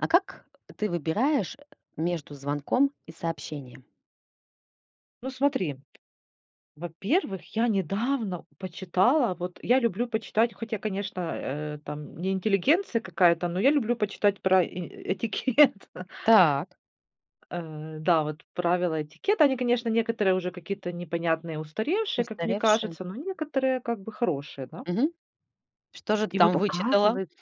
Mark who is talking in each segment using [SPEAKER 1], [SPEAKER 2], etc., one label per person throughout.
[SPEAKER 1] А как ты выбираешь между звонком и сообщением?
[SPEAKER 2] Ну смотри, во-первых, я недавно почитала, вот я люблю почитать, хотя, конечно, э, там не интеллигенция какая-то, но я люблю почитать про э э этикет.
[SPEAKER 1] Так.
[SPEAKER 2] Э, да, вот правила этикета, они, конечно, некоторые уже какие-то непонятные, устаревшие, как мне
[SPEAKER 1] Устаревшие.
[SPEAKER 2] кажется, но некоторые как бы хорошие, да.
[SPEAKER 1] Мгм. Что же ты
[SPEAKER 2] И вот
[SPEAKER 1] там вычитала?
[SPEAKER 2] оказывается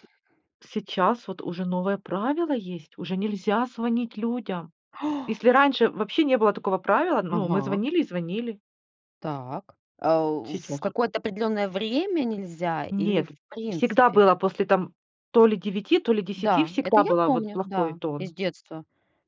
[SPEAKER 2] сейчас вот уже новое правило есть, уже нельзя звонить людям. Если раньше вообще не было такого правила, ну, мы
[SPEAKER 1] Ага.
[SPEAKER 2] звонили и звонили.
[SPEAKER 1] Так. А, уф в
[SPEAKER 2] Сейчас
[SPEAKER 1] какое-то определенное время нельзя или
[SPEAKER 2] Нет,
[SPEAKER 1] в
[SPEAKER 2] всегда
[SPEAKER 1] принципе?
[SPEAKER 2] было после там то ли 9, то ли 10,
[SPEAKER 1] Да, это
[SPEAKER 2] всегда
[SPEAKER 1] я
[SPEAKER 2] было вот
[SPEAKER 1] помню.
[SPEAKER 2] плохой
[SPEAKER 1] Да, из
[SPEAKER 2] тон.
[SPEAKER 1] детства.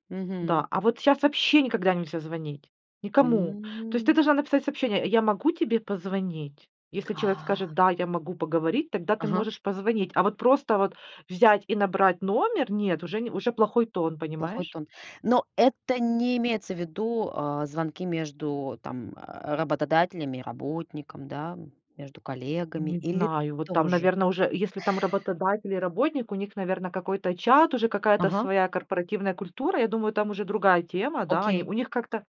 [SPEAKER 1] Мгм.
[SPEAKER 2] Да, а вот щас вообще никогда нельзя звонить, никому. То есть ты
[SPEAKER 1] М.
[SPEAKER 2] должна написать сообщение: "Я могу тебе позвонить?" Если человек
[SPEAKER 1] А.
[SPEAKER 2] скажет: "Да, я могу поговорить",- тогда ты
[SPEAKER 1] Ага.
[SPEAKER 2] можешь позвонить. А вот просто вот взять и набрать номер- нет, уже не, уже плохой тон,
[SPEAKER 1] Плохой
[SPEAKER 2] понимаешь?
[SPEAKER 1] тон. Но это не имеется в виду, э, звонки между там работодателями и работником, да? Между коллегами
[SPEAKER 2] Не
[SPEAKER 1] или
[SPEAKER 2] знаю, вот там,
[SPEAKER 1] тоже?
[SPEAKER 2] наверно, уже, если там работодатель и работник, у них, наверно, какой-то чат, уже какая-то
[SPEAKER 1] Ага.
[SPEAKER 2] своя корпоративная культура. Я думаю, там уже другая тема, да, они
[SPEAKER 1] Окей.
[SPEAKER 2] у них как-то,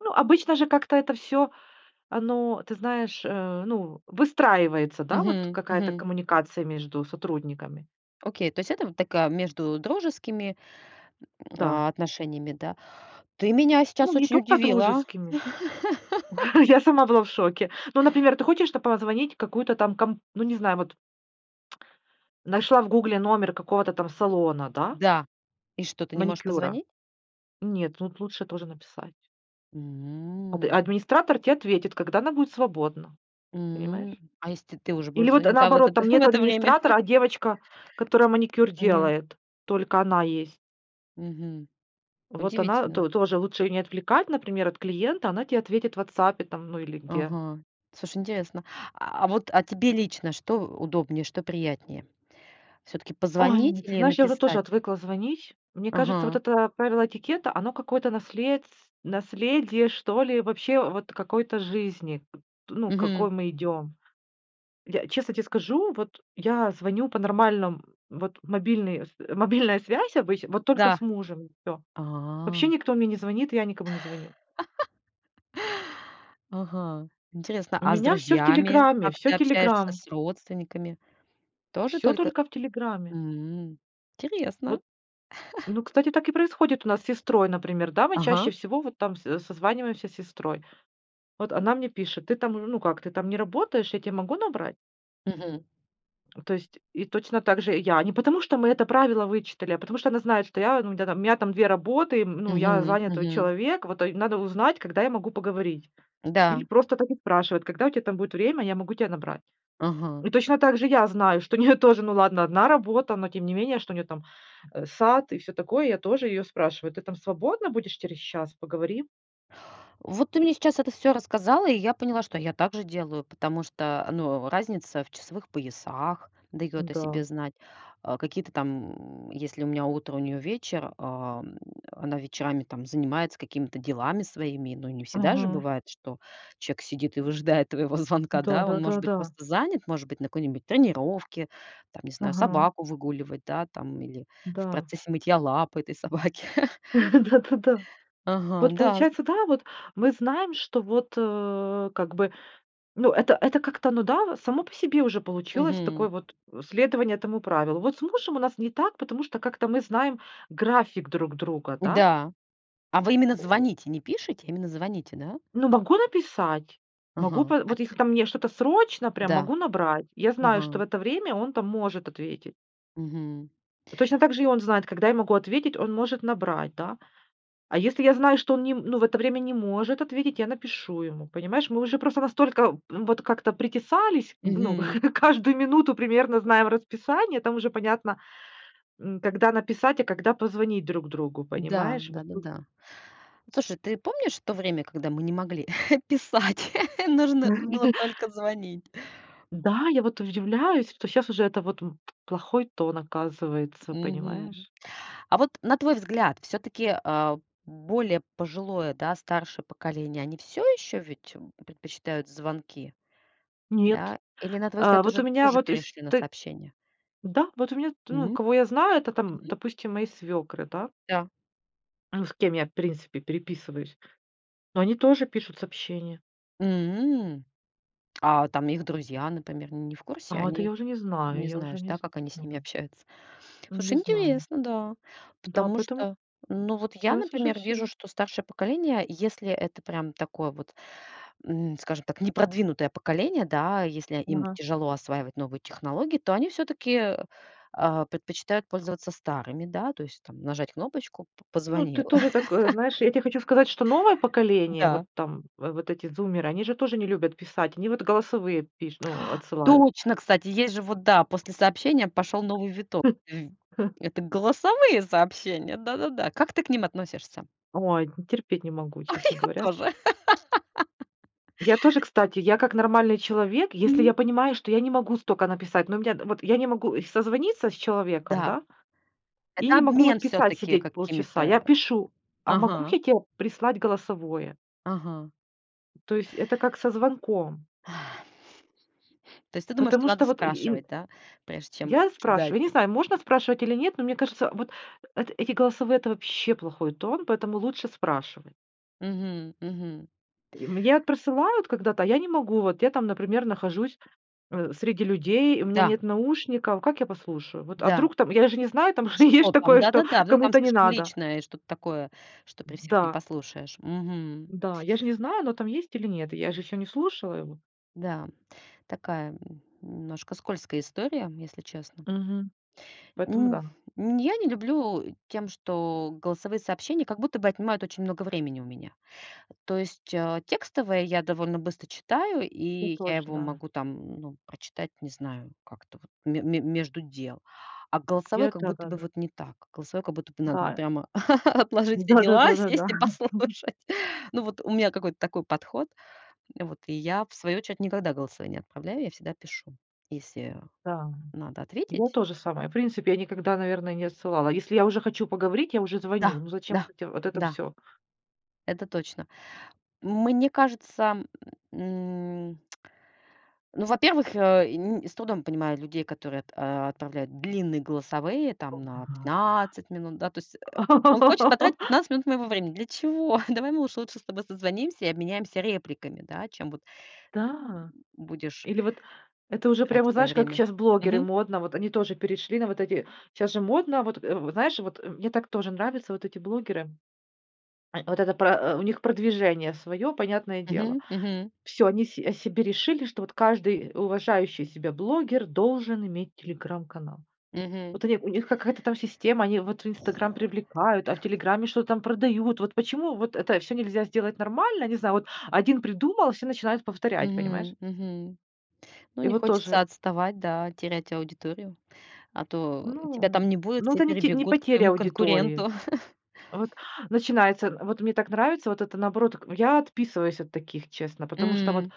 [SPEAKER 2] ну, обычно же как-то это всё, оно, ты знаешь, э, ну, выстраивается, да, вот
[SPEAKER 1] Мгм,
[SPEAKER 2] какая-то
[SPEAKER 1] мгм.
[SPEAKER 2] коммуникация между сотрудниками.
[SPEAKER 1] Окей, то есть это вот такая между дружескими,
[SPEAKER 2] Да.
[SPEAKER 1] а отношениями, да? Ты меня
[SPEAKER 2] Ну,
[SPEAKER 1] сейчас
[SPEAKER 2] не
[SPEAKER 1] очень
[SPEAKER 2] только
[SPEAKER 1] удивила.
[SPEAKER 2] дружескими. Я сама была в шоке. Ну, например, ты хочешь то позвонить в какую-то там комп ну, не знаю, вот нашла в "Гугле" номер какого-то там салона, да
[SPEAKER 1] Да. И что, ты не можешь
[SPEAKER 2] маникюра.
[SPEAKER 1] позвонить?
[SPEAKER 2] Нет, тут лучше тоже написать. Ад
[SPEAKER 1] М.
[SPEAKER 2] администратор те ответит, когда она будет свободна,
[SPEAKER 1] М,
[SPEAKER 2] понимаешь?
[SPEAKER 1] а если т ты уже
[SPEAKER 2] Или
[SPEAKER 1] будешь
[SPEAKER 2] вот
[SPEAKER 1] звонить? Да, вот
[SPEAKER 2] наоборот,
[SPEAKER 1] это,
[SPEAKER 2] там
[SPEAKER 1] в
[SPEAKER 2] нету
[SPEAKER 1] это время?
[SPEAKER 2] администратора, а девочка, которая маникюр
[SPEAKER 1] Мгм.
[SPEAKER 2] делает, только она есть.
[SPEAKER 1] Мгм,
[SPEAKER 2] Вот она,
[SPEAKER 1] удивительно.
[SPEAKER 2] то тоже лучше ее не отвлекать, например, от клиента, она тебе ответит в "Ватсапе", там, ну, или где.
[SPEAKER 1] Ага. Слушай, интересно. А а вот, а тебе лично что удобнее, что приятнее? Всё-таки
[SPEAKER 2] Ой,
[SPEAKER 1] позвонить
[SPEAKER 2] ну ты
[SPEAKER 1] или
[SPEAKER 2] знаешь, я вот тоже
[SPEAKER 1] написать?
[SPEAKER 2] отвыкла звонить. Мне кажется, вот
[SPEAKER 1] Ага.
[SPEAKER 2] это правило этикета, оно какое-то наследс наследие, что ли, вообще вот какой-то жизни. Т ну, к какой
[SPEAKER 1] Мгм.
[SPEAKER 2] мы идем. Я, честно те скажу, вот я звоню по нормальном, вот мобильный с мобильная связь обычно, вот только
[SPEAKER 1] Да.
[SPEAKER 2] с мужем, и всё. Вообще
[SPEAKER 1] А.
[SPEAKER 2] никто мне не звонит, и я никому не звоню.
[SPEAKER 1] Ага. Интересно!
[SPEAKER 2] У
[SPEAKER 1] А с
[SPEAKER 2] меня всё в
[SPEAKER 1] друзьями
[SPEAKER 2] "Телеграме".
[SPEAKER 1] как
[SPEAKER 2] Всё
[SPEAKER 1] ты общаешься,
[SPEAKER 2] "Телеграм".
[SPEAKER 1] с родственниками, тоже
[SPEAKER 2] Все
[SPEAKER 1] только
[SPEAKER 2] только в "Телеграме".
[SPEAKER 1] М, интересно.
[SPEAKER 2] Вот. Ну, кстати, так и происходит у нас с сестрой, например, да. Мы
[SPEAKER 1] Ага.
[SPEAKER 2] чаще всего, вот, там, с со созваниваемся с сестрой. Вот, она мне пишет: "Ты там, ну как ты там, не работаешь, я те могу набрать?"
[SPEAKER 1] Мгм.
[SPEAKER 2] То есть, и точно так же я. Не потому что мы это правило вычитали, а потому что она знает, что я, ну, тя там, у меня там 2 работы, м ну, я
[SPEAKER 1] Мгм,
[SPEAKER 2] занятой
[SPEAKER 1] мгм.
[SPEAKER 2] человек, вот это й надо узнать, когда я могу поговорить. Или
[SPEAKER 1] Да.
[SPEAKER 2] просто так и спрашивает: "Когда у тебя там будет время, я могу тя набрать?"
[SPEAKER 1] Ага.
[SPEAKER 2] И точно так же я знаю, что у нее тоже, ну ладно, 1 работа, но тем не менее, что у нее там, э, сад и всё такое, я тоже ее спрашиваю: "Ты там свободна будешь через час, поговорим?"
[SPEAKER 1] Вот, ты мне сейчас это всё рассказала, и я поняла, что я также делаю, потому что, э, ну, разница в часовых поясах даёт о себе
[SPEAKER 2] Н-да.
[SPEAKER 1] знать. Э, какие-то там м, если у меня утро, у неё вечер, ам, она вечерами, там, занимается какими-то делами своими. Но не всегда же
[SPEAKER 2] Мгм.
[SPEAKER 1] бывает, что чек сидит и выжидает твоего звонка,
[SPEAKER 2] Да
[SPEAKER 1] да? Он
[SPEAKER 2] да да
[SPEAKER 1] может быть
[SPEAKER 2] да.
[SPEAKER 1] просто занят, может быть, на какой-нибудь тренировке, там, не знаю,
[SPEAKER 2] Ага.
[SPEAKER 1] собаку выгуливать, да, там или в
[SPEAKER 2] Да.
[SPEAKER 1] процессе мытья лапой этой собаки.
[SPEAKER 2] Да да да.
[SPEAKER 1] Ага,
[SPEAKER 2] Вот,
[SPEAKER 1] да з
[SPEAKER 2] получается, да, вот мы знаем, что вот, э, как бы, ну, это это как-то, ну да, само по себе уже получилось
[SPEAKER 1] Мгм.
[SPEAKER 2] такое вот, э, следование этому правилу. Вот с мужем у нас не так, потому что как-то мы знаем график друг друга, да?
[SPEAKER 1] Да! А вы именно
[SPEAKER 2] Коо
[SPEAKER 1] звоните, не пишите, именно звоните, да?
[SPEAKER 2] Ну, могу написать. Могу,
[SPEAKER 1] Ага.
[SPEAKER 2] пэ
[SPEAKER 1] А
[SPEAKER 2] вот
[SPEAKER 1] ть
[SPEAKER 2] если мне что-то срочно, прям
[SPEAKER 1] Да.
[SPEAKER 2] могу набрать. Я знаю, что в
[SPEAKER 1] Ага.
[SPEAKER 2] это время он там может ответить.
[SPEAKER 1] Мгм.
[SPEAKER 2] Точно так же и он знает, когда я могу ответить, он может набрать, да? А если я знаю, что он ни м ну, в это время не может ответить, я напишу ему, понимаешь? Мы уже просто настолько, м, вот как-то притесались, г ну,
[SPEAKER 1] Мгм.
[SPEAKER 2] каждую минуту примерно знаем расписание, там уже понятно, м, когда написать, а когда позвонить друг другу,
[SPEAKER 1] Да!
[SPEAKER 2] понимаешь, вот тут
[SPEAKER 1] Да-да-да. Слушай, ты помнишь то время, когда мы не могли писать? Нужно было только звонить.
[SPEAKER 2] Да, я вот удивляюсь, что щас уже это вот, м, плохой тон, оказывается,
[SPEAKER 1] Мгм.
[SPEAKER 2] понимаешь?
[SPEAKER 1] А вот, на твой взгляд, всё-таки, э, более пожилое, да, старшее поколение, они всё ещё ведь, э, предпочитают звонки?
[SPEAKER 2] Нет!
[SPEAKER 1] Да? Или, на твой
[SPEAKER 2] Э,
[SPEAKER 1] взгляд,
[SPEAKER 2] вот у
[SPEAKER 1] уже
[SPEAKER 2] меня
[SPEAKER 1] тоже
[SPEAKER 2] вот из
[SPEAKER 1] перешли на
[SPEAKER 2] ты
[SPEAKER 1] сообщения?
[SPEAKER 2] да! Вот у меня т ну,
[SPEAKER 1] М?
[SPEAKER 2] кого я знаю, это там,
[SPEAKER 1] Мгм.
[SPEAKER 2] допустим, мои свекры, да?
[SPEAKER 1] Да.
[SPEAKER 2] Ну, с кем я в принципе переписываюсь, но они тоже пишут сообщения.
[SPEAKER 1] М, а там их друзья, например, не в курсе?
[SPEAKER 2] А вот это
[SPEAKER 1] Они.
[SPEAKER 2] я уже не знаю,
[SPEAKER 1] Не
[SPEAKER 2] я уже
[SPEAKER 1] знаешь,
[SPEAKER 2] не
[SPEAKER 1] да, как они с ними
[SPEAKER 2] знаю.
[SPEAKER 1] общаются?
[SPEAKER 2] Не
[SPEAKER 1] Слушай,
[SPEAKER 2] знаю.
[SPEAKER 1] интересно, да.
[SPEAKER 2] Да,
[SPEAKER 1] Потому
[SPEAKER 2] поэтому
[SPEAKER 1] что, ну, вот я,
[SPEAKER 2] сейчас уже
[SPEAKER 1] например, вижу,
[SPEAKER 2] всё.
[SPEAKER 1] что старшее поколение, если это прям такое вот, м, скажем так, непродвинутое поколение, да. Если им
[SPEAKER 2] Ага.
[SPEAKER 1] тяжело осваивать новую технологии, то они всё-таки, э, а, предпочитают пользоваться старыми, да. То есть там нажать кнопочку- п
[SPEAKER 2] Ну, ты
[SPEAKER 1] позвонил.
[SPEAKER 2] тоже так, э, знаешь, я тебе хочу сказать, что новое поколение, вот
[SPEAKER 1] Да.
[SPEAKER 2] там в вот эти зумеры, они же тоже не любят писать, они вот голосовые пиш ну, отсылают.
[SPEAKER 1] Точно, кстати, есть же вот, да, после сообщения пошёл новый виток, м. Это голосовые сообщения. Да-да-да. Как ты к ним относишься?
[SPEAKER 2] Ой, терпеть не могу, честно
[SPEAKER 1] Я
[SPEAKER 2] говоря.
[SPEAKER 1] тоже.
[SPEAKER 2] Я тоже, кстати, я как нормальный человек, если я
[SPEAKER 1] Мгм.
[SPEAKER 2] понимаю, что я не могу столько написать, ну, у меня вот я не могу, э, созвониться с человеком,
[SPEAKER 1] Да.
[SPEAKER 2] да? И
[SPEAKER 1] Это
[SPEAKER 2] не могу вот
[SPEAKER 1] обмен
[SPEAKER 2] писать
[SPEAKER 1] всё-таки
[SPEAKER 2] сидеть
[SPEAKER 1] какими-то,
[SPEAKER 2] полчаса.
[SPEAKER 1] э
[SPEAKER 2] Я пишу, а могу
[SPEAKER 1] Ага.
[SPEAKER 2] [unintelligible] прислать голосовое.
[SPEAKER 1] Ага.
[SPEAKER 2] То есть это как со звонком.
[SPEAKER 1] То есть ты думаешь, что
[SPEAKER 2] Потому
[SPEAKER 1] надо
[SPEAKER 2] что вот и ин
[SPEAKER 1] спрашивать, да? Прежде чем
[SPEAKER 2] Я
[SPEAKER 1] кидать.
[SPEAKER 2] спрашиваю. Я не знаю, можно спрашивать или нет, но мне кажется, вот эт эти голосовые- это вообще плохой тон, поэтому лучше спрашивать.
[SPEAKER 1] Мгм, мгм.
[SPEAKER 2] И мне присылают когда-то, а я не могу, вот я там, например, нахожусь, э, среди людей, у меня
[SPEAKER 1] Да!
[SPEAKER 2] нет наушников. Как я послушаю? Вот, а
[SPEAKER 1] Да.
[SPEAKER 2] вдруг там, я же не знаю, там же есть ж
[SPEAKER 1] Что там?
[SPEAKER 2] такое, что
[SPEAKER 1] Да-да-да. Вы там
[SPEAKER 2] кому-то не
[SPEAKER 1] слишком
[SPEAKER 2] надо.
[SPEAKER 1] личное и что-то такое, что при всех не
[SPEAKER 2] Да.
[SPEAKER 1] послушаешь. Мгм.
[SPEAKER 2] Да. Я же не знаю, но там есть или нет? Я же ещё не слушала его.
[SPEAKER 1] Да. Такая, н немножко скользкая история, если честно.
[SPEAKER 2] Мгм. Поэтому
[SPEAKER 1] М
[SPEAKER 2] да.
[SPEAKER 1] м, я не люблю тем, что голосовые сообщения как будто бы отнимают очень много времени у меня. То есть, а, текстовые я довольно быстро читаю,
[SPEAKER 2] Я
[SPEAKER 1] и я
[SPEAKER 2] тоже,
[SPEAKER 1] его
[SPEAKER 2] да.
[SPEAKER 1] могу там, ну, прочитать, не знаю, как-то вот ме ме между дел. А голосовые
[SPEAKER 2] Я
[SPEAKER 1] как будто бы
[SPEAKER 2] да-да-да.
[SPEAKER 1] вот не так. Голосовые как будто бы надо
[SPEAKER 2] Да.
[SPEAKER 1] прямо отложить все
[SPEAKER 2] Да да
[SPEAKER 1] дела,
[SPEAKER 2] да да да.
[SPEAKER 1] сесть и послушать. Ну, вот у меня какой-то такой подход. Вот и я, в свою очередь, никогда голосовые не отправляю. Я всегда пишу, если
[SPEAKER 2] Да.
[SPEAKER 1] надо
[SPEAKER 2] Я
[SPEAKER 1] ответить.
[SPEAKER 2] то же самое, в принципе, я никогда, наверное, не отсылала. Если я уже хочу поговорить, я уже звоню.
[SPEAKER 1] Да,
[SPEAKER 2] Ну, зачем
[SPEAKER 1] да,
[SPEAKER 2] вот эти это
[SPEAKER 1] да.
[SPEAKER 2] всё?
[SPEAKER 1] Это точно. Мне кажется, м, ну, во-первых, э, и я с трудом понимаю людей, которые ат а, отправляют длинные голосовые там на 15 минут, да. То есть, э, он хочет потратить 15 минут моего времени. Для чего? Давай мы лучше лучше с тобой созвонимся и обменяемся репликами, да, чем вот
[SPEAKER 2] Да!
[SPEAKER 1] будешь
[SPEAKER 2] Или вот это уже
[SPEAKER 1] тратить
[SPEAKER 2] прямо,
[SPEAKER 1] моё
[SPEAKER 2] знаешь, как
[SPEAKER 1] время.
[SPEAKER 2] сейчас блогеры
[SPEAKER 1] Мгм.
[SPEAKER 2] модно, вот они тоже перешли на вот эти, щас же модно, вот, э, в знаешь, вот, мне так тоже нравятся вот эти блогеры. Э, вот это про, э, у них продвижение своё, понятное дело.
[SPEAKER 1] Мгм, мгм.
[SPEAKER 2] Всё, они се себе решили, что вот каждый, э, уважающий себя блогер должен иметь телеграм-канал.
[SPEAKER 1] Мгм.
[SPEAKER 2] Вот они у них какая-то там система, они вот в "Инстаграм" привлекают, а в "Телеграме" что-то там продают. Вот почему вот это всё нельзя сделать нормально. Не знаю. Вот 1 придумал, и все начинают повторять, понимаешь.
[SPEAKER 1] Мгм, мгм. Ну,
[SPEAKER 2] И
[SPEAKER 1] не
[SPEAKER 2] вот тоже.
[SPEAKER 1] хочется отставать, да, терять аудиторию. А то тебя
[SPEAKER 2] Ну
[SPEAKER 1] там не будет,
[SPEAKER 2] ну,
[SPEAKER 1] все
[SPEAKER 2] это те не
[SPEAKER 1] перебегут к
[SPEAKER 2] потеря
[SPEAKER 1] моему
[SPEAKER 2] аудитории.
[SPEAKER 1] конкуренту.
[SPEAKER 2] Вот начинается, вот мне так нравится, вот это, наоборот, так. Ну, я отписываюсь от таких, честно, потому что вот
[SPEAKER 1] М.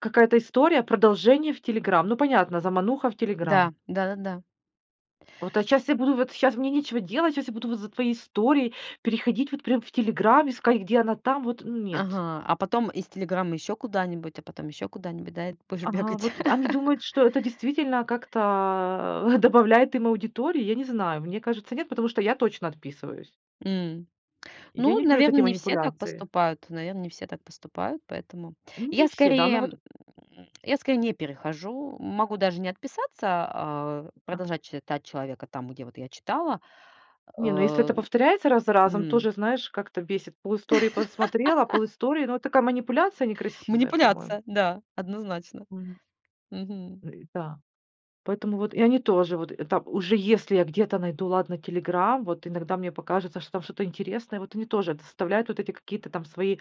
[SPEAKER 2] какая-то история продолжения в "Телеграм". Ну, понятно, замануха в
[SPEAKER 1] Да.
[SPEAKER 2] "Телеграм".
[SPEAKER 1] Да-да-да.
[SPEAKER 2] Вот щас я буду вот сейчас мне нечего делать, сейчас я буду за твоей историей переходить вот прям в "Телеграм", искать, где она там, вот. Нет.
[SPEAKER 1] Ага. А потом из "Телеграм" ещё куда-нибудь, а потом ещё куда-нибудь, да, будешь
[SPEAKER 2] Ага,
[SPEAKER 1] бегать.
[SPEAKER 2] вот они думают, что это действительно как-то, э, добавляет им аудитории? Я не знаю. Мне кажется, нет, потому что я точно отписываюсь.
[SPEAKER 1] М,
[SPEAKER 2] Я
[SPEAKER 1] ну,
[SPEAKER 2] не люблю вот
[SPEAKER 1] наверно,
[SPEAKER 2] эти
[SPEAKER 1] не все так
[SPEAKER 2] манипуляции.
[SPEAKER 1] поступают. Наверно, не все так поступают, поэтому
[SPEAKER 2] Не
[SPEAKER 1] я
[SPEAKER 2] все, да, но вот.
[SPEAKER 1] скорее я скорее не перехожу. Могу даже не отписаться, а,
[SPEAKER 2] А.
[SPEAKER 1] продолжать читать человека там, где вот я читала,
[SPEAKER 2] Не, ну, если это
[SPEAKER 1] э.
[SPEAKER 2] повторяется раз за разом,
[SPEAKER 1] М.
[SPEAKER 2] тоже, знаешь, как-то бесит. Пол истории посмотрела, пол истории, но такая манипуляция некрасивая, по-моему.
[SPEAKER 1] Манипуляция. Да. Однозначно.
[SPEAKER 2] Мгм.
[SPEAKER 1] Мгм.
[SPEAKER 2] Ну и да. Поэтому вот и они тоже вот, это уже, если я где-то найду, ладно, "Телеграм", вот иногда мне покажется, что там что-то интересное, вот они тоже составляют вот эти какие-то там свои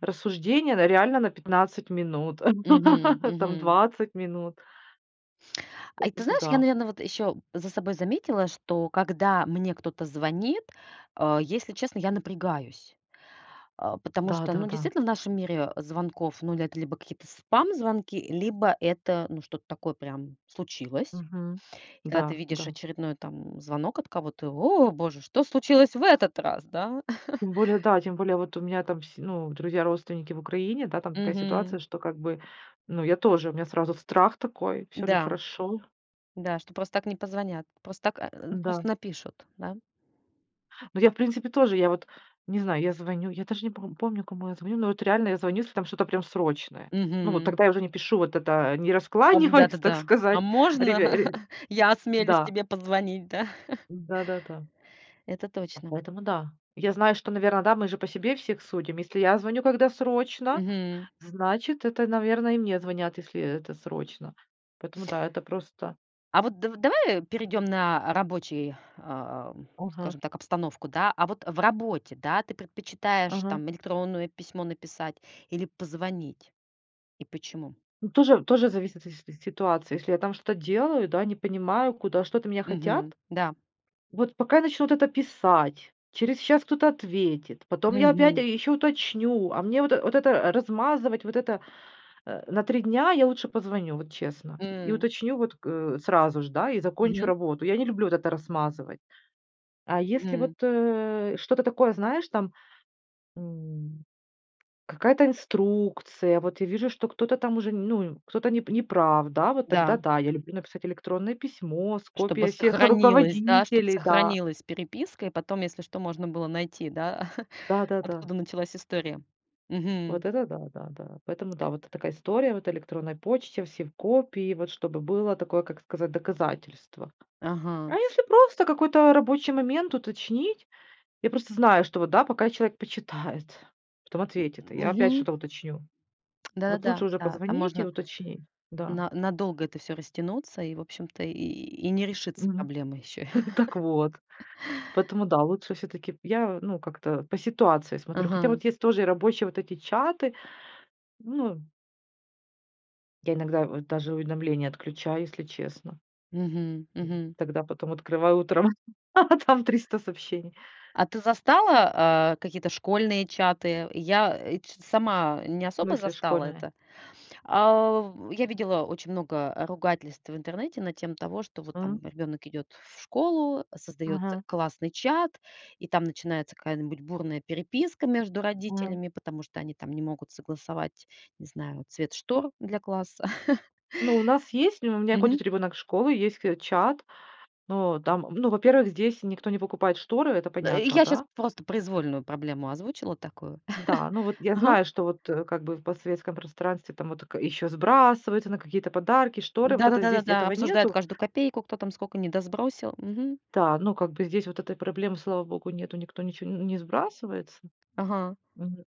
[SPEAKER 2] рассуждения, да, реально на 15 минут,
[SPEAKER 1] Мгм,
[SPEAKER 2] там
[SPEAKER 1] мгм.
[SPEAKER 2] 20 минут.
[SPEAKER 1] Ай, ты
[SPEAKER 2] Поэтому
[SPEAKER 1] знаешь, я,
[SPEAKER 2] да.
[SPEAKER 1] наверное, вот ещё за собой заметила, что когда мне кто-то звонит, э, если честно, я напрягаюсь. Э, потому что, ну,
[SPEAKER 2] Да-да-да.
[SPEAKER 1] действительно, в нашем мире, э, звонков, ну, это либо какие-то спам-звонки, либо это, ну, что-то такое прям случилось.
[SPEAKER 2] Мгм.
[SPEAKER 1] И когда ты
[SPEAKER 2] Да,
[SPEAKER 1] видишь
[SPEAKER 2] да.
[SPEAKER 1] очередной там звонок от кого-то: "О, Боже, что случилось в этот раз?" Да?
[SPEAKER 2] Тем более, да, тем более, вот у меня там с ну, друзья, родственники в Украине, да, там такая ситуация,
[SPEAKER 1] Мгм.
[SPEAKER 2] что как бы, ну, я тоже, у меня сразу страх такой. Всё ли
[SPEAKER 1] Да.
[SPEAKER 2] хорошо?
[SPEAKER 1] Да, что просто так не позвонят. Просто так, э,
[SPEAKER 2] Да.
[SPEAKER 1] просто напишут, да?
[SPEAKER 2] Ну, я, в принципе, тоже. Я вот не знаю, я звоню, я даже не пом помню, кому я звоню, но это реально я звоню, если там что-то прям срочное. Ну вот
[SPEAKER 1] Мгм.
[SPEAKER 2] тогда я уже не пишу вот это, не
[SPEAKER 1] Ам,
[SPEAKER 2] раскланиваюсь, так
[SPEAKER 1] да-да-да. А
[SPEAKER 2] сказать.
[SPEAKER 1] можно
[SPEAKER 2] Ребя ре
[SPEAKER 1] я осмелюсь
[SPEAKER 2] Да.
[SPEAKER 1] тебе позвонить, да?
[SPEAKER 2] Да-да-да.
[SPEAKER 1] Это точно.
[SPEAKER 2] Поэтому да. Я знаю, что, наверно, да, мы же по себе всех судим. Если я звоню, когда срочно,
[SPEAKER 1] Мгм.
[SPEAKER 2] значит, это, наверное, и мне звонят, если это срочно. Поэтому да, это просто
[SPEAKER 1] А вот дав давай, э, перейдём на рабочий, э,
[SPEAKER 2] Ага.
[SPEAKER 1] скажем так, обстановку, да? А вот в работе, да, ты предпочитаешь
[SPEAKER 2] Ага.
[SPEAKER 1] там электронное письмо написать или позвонить? И почему?
[SPEAKER 2] Тоже тоже зависит от си си ситуации, если я там что-то делаю, да, не понимаю, куда, что-то от меня хотят.
[SPEAKER 1] Мгм, да.
[SPEAKER 2] Вот пока начнут это писать, через час кто-то ответит, потом я опять. А
[SPEAKER 1] Мгм.
[SPEAKER 2] ещё уточню, а мне вот вот это размазывать, вот это, э, на 3 дня, я лучше позвоню, вот честно. И
[SPEAKER 1] М.
[SPEAKER 2] уточню вот, к сразу же, да, и закончу
[SPEAKER 1] Мгм.
[SPEAKER 2] работу. Я не люблю это размазывать. А если вот,
[SPEAKER 1] Мгм.
[SPEAKER 2] э, что-то такое, знаешь, там, м, какая-то инструкция, вот я вижу, что кто-то там уже, ну, кто-то не не прав, да, вот тогда
[SPEAKER 1] Да.
[SPEAKER 2] да, я люблю написать электронное письмо с
[SPEAKER 1] Чтобы
[SPEAKER 2] копией всех
[SPEAKER 1] сохранилась, да? Чтобы
[SPEAKER 2] руководителей, да.
[SPEAKER 1] сохранилась переписка и потом, если что, можно было найти, да,
[SPEAKER 2] Да, да, да.
[SPEAKER 1] откуда началась история. Мгм.
[SPEAKER 2] Вот это да-да-да. Поэтому да, вот такая история, вот электронной почте, все в копии, вот чтобы было такое, как сказать, доказательство. А
[SPEAKER 1] Ага.
[SPEAKER 2] если просто какой-то рабочий момент уточнить, я просто знаю, что вот да, пока человек почитает, потом
[SPEAKER 1] М.
[SPEAKER 2] ответит, я опять
[SPEAKER 1] Мгм.
[SPEAKER 2] что-то уточню. Вот лучше
[SPEAKER 1] Да-да-да,
[SPEAKER 2] уже
[SPEAKER 1] да. Там
[SPEAKER 2] позвонить и
[SPEAKER 1] можно
[SPEAKER 2] уточнить, да.
[SPEAKER 1] на надолго это всё растянуться, и, в общем-то, и и не решится
[SPEAKER 2] Мгм.
[SPEAKER 1] проблема ещё.
[SPEAKER 2] Так вот. Поэтому, да, лучше всё-таки я, ну, как-то по ситуации смотрю. Хотя
[SPEAKER 1] Ага.
[SPEAKER 2] вот есть тоже рабочие вот эти чаты. Ну Я иногда вот даже уведомления отключаю, если честно
[SPEAKER 1] Мгм. Мгм.
[SPEAKER 2] тогда потом открываю утром, а там 300 сообщений.
[SPEAKER 1] А ты застала, э, какие-то школьные чаты? Я, э, и чё-то сама не
[SPEAKER 2] В
[SPEAKER 1] особо
[SPEAKER 2] смысле
[SPEAKER 1] застала
[SPEAKER 2] школьные?
[SPEAKER 1] это? А. Я видела очень много ругательств в интернете на тему того, что вот там
[SPEAKER 2] Мгм.
[SPEAKER 1] ребёнок идет в школу, создаётся
[SPEAKER 2] Мгм.
[SPEAKER 1] классный чат, и там начинается какая-нибудь бурная переписка между
[SPEAKER 2] Мгм.
[SPEAKER 1] родителями, потому что они там не могут согласовать, не знаю, цвет штор для класса.
[SPEAKER 2] Ну, у нас есть ну, у меня ходит
[SPEAKER 1] Мгм.
[SPEAKER 2] ребенок в школу, есть к чат. Ну, там ну, во-первых, здесь никто не покупает шторы, это
[SPEAKER 1] Да, и
[SPEAKER 2] понятно,
[SPEAKER 1] я щас
[SPEAKER 2] да.
[SPEAKER 1] просто произвольную проблему озвучила такую.
[SPEAKER 2] Да. Ну, вот я
[SPEAKER 1] Ага.
[SPEAKER 2] знаю, что вот, э, как бы в постсоветском пространстве там вот тк еще сбрасываются на какие-то подарки, шторы, вот это
[SPEAKER 1] Да-да-да,
[SPEAKER 2] здесь
[SPEAKER 1] да-да.
[SPEAKER 2] этого
[SPEAKER 1] Обсуждают
[SPEAKER 2] нету.
[SPEAKER 1] каждую копейку, кто там сколько не досбросил. Мгм.
[SPEAKER 2] Да. Ну, как бы здесь вот этой проблемы, слава богу, нету. Никто ничего н не сбрасывается.
[SPEAKER 1] Ага.
[SPEAKER 2] Мгм.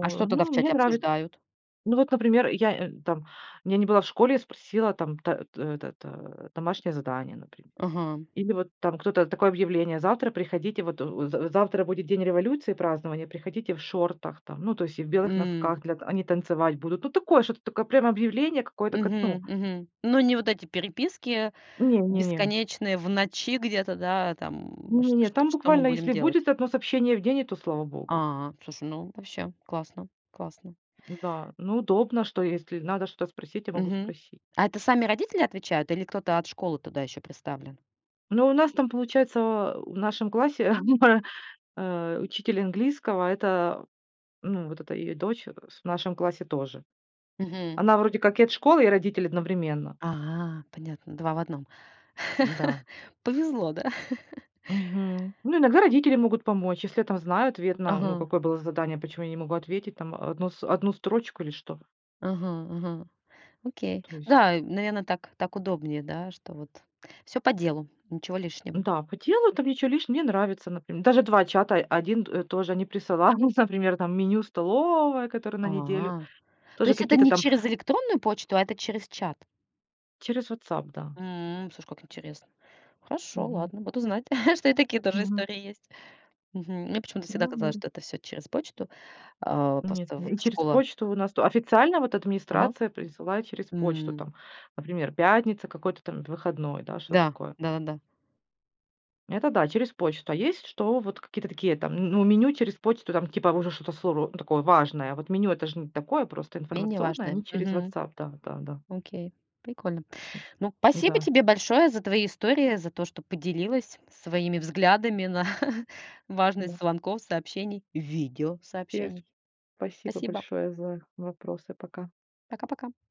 [SPEAKER 1] А что тогда
[SPEAKER 2] ну,
[SPEAKER 1] в
[SPEAKER 2] мне
[SPEAKER 1] чате
[SPEAKER 2] нравится.
[SPEAKER 1] обсуждают?
[SPEAKER 2] Ну вот, например, я, э, там. Я не была в школе, я спросила там та э, этот, домашнее задание, например.
[SPEAKER 1] Ага.
[SPEAKER 2] Или вот там кто-то такое объявление: "Завтра приходите вот у в в завтра будет день революции, празднование, приходите в шортах там". Ну, то есть и в белых
[SPEAKER 1] М.
[SPEAKER 2] носках, для они танцевать будут. Ну, такое, что-то такое прям объявление какое-то как, ну
[SPEAKER 1] Мгм, мгм. Ну, не вот эти переписки
[SPEAKER 2] Не, не, не.
[SPEAKER 1] бесконечные в ночи где-то, да, там, ш
[SPEAKER 2] Не не,
[SPEAKER 1] шт
[SPEAKER 2] там
[SPEAKER 1] что мы
[SPEAKER 2] буквально,
[SPEAKER 1] будем
[SPEAKER 2] если
[SPEAKER 1] делать?
[SPEAKER 2] будет 1 сообщение в день, и то слава Богу.
[SPEAKER 1] А. Слушай, ну, вообще классно классно.
[SPEAKER 2] Да. Ну, удобно, что если надо что-то спросить, я могу
[SPEAKER 1] Мгм.
[SPEAKER 2] спросить.
[SPEAKER 1] А это сами родители отвечают или кто-то от школы туда ещё приставлен?
[SPEAKER 2] Ну, у нас там получается, э, в нашем классе, э, учитель английского- это, ну, вот эта её дочь, э, с в нашем классе тоже.
[SPEAKER 1] Мгм.
[SPEAKER 2] Она вроде как и от школы, и родители одновременно.
[SPEAKER 1] А. Понятно. 2 в 1.
[SPEAKER 2] Да.
[SPEAKER 1] Повезло, да?
[SPEAKER 2] Мгм. Ну, иногда родители могут помочь, если тебя там знают, верно, ну,
[SPEAKER 1] Ага.
[SPEAKER 2] какое было задание, почему я не могу ответить там, э, 1 с 1 строчку или что?
[SPEAKER 1] Ага, ага. Окей.
[SPEAKER 2] То есть.
[SPEAKER 1] Да, э, наверное, так так удобнее, да? Что вот всё по делу. Ничего лишнего.
[SPEAKER 2] Да. По телу там ничего лишнего, мне нравится, например. Даже 2 чата. 1, э, тоже они присылают, например, там меню столовой, которое на неделю.
[SPEAKER 1] А. То
[SPEAKER 2] Тоже
[SPEAKER 1] есть это
[SPEAKER 2] какие-то
[SPEAKER 1] не
[SPEAKER 2] там
[SPEAKER 1] через электронную почту, а это через чат?
[SPEAKER 2] Через "Вотсап", да.
[SPEAKER 1] Мгм. Слушай, как интересно. Хорошо,
[SPEAKER 2] Мгм.
[SPEAKER 1] ладно, буду знать, что и такие тоже
[SPEAKER 2] Мгм.
[SPEAKER 1] истории есть. Мгм. Мне почему-то всегда
[SPEAKER 2] Ну
[SPEAKER 1] казалось,
[SPEAKER 2] ну.
[SPEAKER 1] что это всё через почту. Э,
[SPEAKER 2] Нет.
[SPEAKER 1] просто вот
[SPEAKER 2] И через
[SPEAKER 1] школа
[SPEAKER 2] почту у нас тут. Официально вот
[SPEAKER 1] Ага.
[SPEAKER 2] администрация присылает через почту
[SPEAKER 1] М.
[SPEAKER 2] там, например: пятница какой-то там выходной, да, что-то
[SPEAKER 1] Да.
[SPEAKER 2] такое.
[SPEAKER 1] Да-да-да.
[SPEAKER 2] Это да, через почту. А есть что, вот какие-то такие там, ну ну, меню через почту, там, типа, уже что-то [unintelligible] такое важное. Вот меню- это же не такое, просто
[SPEAKER 1] Менее
[SPEAKER 2] информационное,
[SPEAKER 1] важное.
[SPEAKER 2] они через
[SPEAKER 1] Мгм.
[SPEAKER 2] "Вотсап", да да да.
[SPEAKER 1] Окей. Прикольно. Ну,
[SPEAKER 2] Ну
[SPEAKER 1] спасибо
[SPEAKER 2] да.
[SPEAKER 1] тебе большое за твои истории, за то, что поделилась своими взглядами на
[SPEAKER 2] Да.
[SPEAKER 1] важность звонков, сообщений.
[SPEAKER 2] [unintelligible]
[SPEAKER 1] Видеосообщений.
[SPEAKER 2] Спасибо
[SPEAKER 1] Спасибо.
[SPEAKER 2] большое за вопросы. Пока.
[SPEAKER 1] Пока-пока.